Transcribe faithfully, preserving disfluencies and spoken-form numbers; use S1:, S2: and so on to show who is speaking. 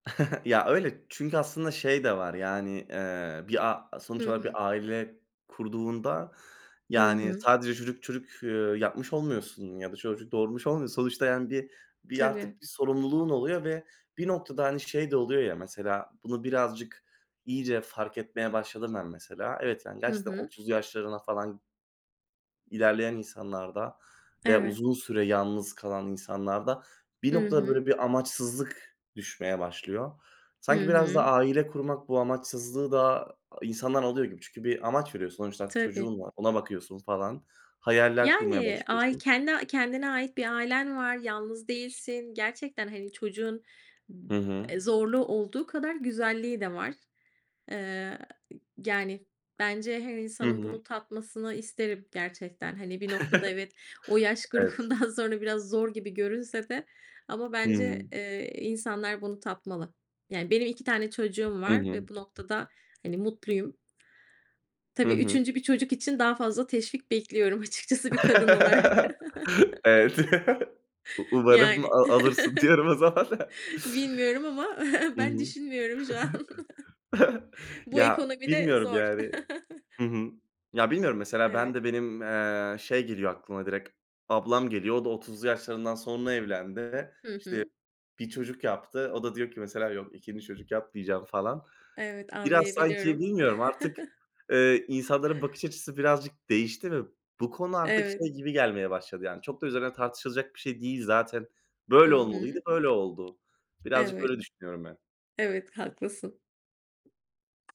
S1: Ya, öyle, çünkü aslında şey de var yani, eee, bir a
S2: Hı
S1: sonuç olarak
S2: hı.
S1: bir aile kurduğunda,
S2: Hı
S1: yani,
S2: hı.
S1: sadece çocuk çocuk, eee, yapmış olmuyorsun ya da çocuk doğurmuş olmuyorsun. Sonuçta yani, bir bir artık
S2: Tabii.
S1: bir sorumluluğun oluyor ve bir noktada, hani, şey de oluyor ya, mesela, bunu birazcık, iyice fark etmeye başladım ben mesela. Evet, yani,
S2: Hı
S1: gerçekten
S2: hı.
S1: otuzlu yaşlarına falan ilerleyen insanlarda veya
S2: Evet.
S1: uzun süre yalnız kalan insanlarda bir
S2: I
S1: noktada
S2: hı.
S1: böyle bir amaçsızlık düşmeye başlıyor.
S2: Hı
S1: Sanki, biraz da
S2: hı.
S1: aile kurmak bu amaçsızlığı da insandan alıyor gibi. Çünkü, bir amaç veriyorsun. Sonuçta
S2: Tabii.
S1: çocuğun var, ona bakıyorsun falan, hayaller kurmaya
S2: Yani, ay
S1: başlıyorsun.
S2: kendi kendine ait bir ailen var, yalnız değilsin. Gerçekten hani, çocuğun b
S1: Hı hı.
S2: eee, zorluğu olduğu kadar güzelliği de var, eee, y yani, bence her
S1: Hı
S2: insanın
S1: hı.
S2: bunu tatmasını isterim gerçekten. Hani, bir noktada evet, o yaş
S1: Evet.
S2: grubundan sonra biraz zor gibi görünse de ama
S1: Hıı.
S2: bence, eee, insanlar bunu tatmalı Yani, benim iki tane çocuğum
S1: Hı
S2: var
S1: hı.
S2: ve bu noktada hani, mutluyum.
S1: Hı
S2: Tabii
S1: hı.
S2: üçüncü bir çocuk için daha fazla teşvik bekliyorum açıkçası bir kadın olarak.
S1: Evet. U umarım a
S2: Yani,
S1: alırsın diyorum o zaman.
S2: bilmiyorum ama
S1: Hı
S2: ben
S1: hı.
S2: düşünmüyorum şu an. Bu
S1: Ya,
S2: ekonomide
S1: bilmiyorum
S2: zor.
S1: yani Hı hı. Ya, bilmiyorum mesela ben
S2: Eve
S1: de benim, eee, şey geliyor aklıma direkt, ablam geliyor. O da otuzlu yaşlarından sonra evlendi. İşte,
S2: Hı hı.
S1: bir çocuk yaptı. O da diyor ki: "mesela, yok ikinci çocuk yapmayacağım" falan.
S2: Evet,
S1: Biraz, sanki,
S2: anlayabiliyorum.
S1: bilmiyorum artık, eee, insanların bakış açısı birazcık değişti ve bu konu artık
S2: Eve
S1: şey gibi gelmeye başladı yani. Çok da üzerine tartışılacak bir şey değil zaten.
S2: Hı
S1: Böyle olmalıydı,
S2: hı.
S1: böyle oldu. Birazcık
S2: Evet.
S1: böyle düşünüyorum ben.
S2: Evet, haklısın.